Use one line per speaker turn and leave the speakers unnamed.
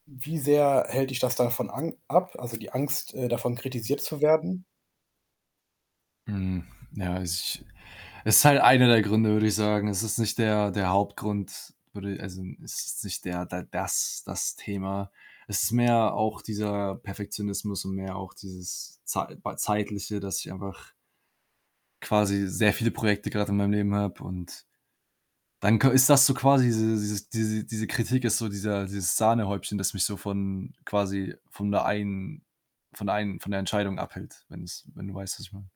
Wie sehr hält dich das davon an ab, also, die Angst, äh, davon kritisiert zu werden?
Hm, ja, also, ich ist halt einer der Gründe, würde ich sagen. Es ist nicht der der Hauptgrund, würde i also, es ist nicht der da das das Thema. Es ist mehr auch dieser Perfektionismus und mehr auch dieses zeit bei zeitliche, dass ich einfach quasi sehr viele Projekte gerade in meinem Leben habe und dann ka ist das so quasi diese dieses diese Kritik ist so dieser dieses Sahnehäubchen, das mich so von quasi von der einen von der einen von der Entscheidung abhält, wenn es wenn du weißt, was ich meine?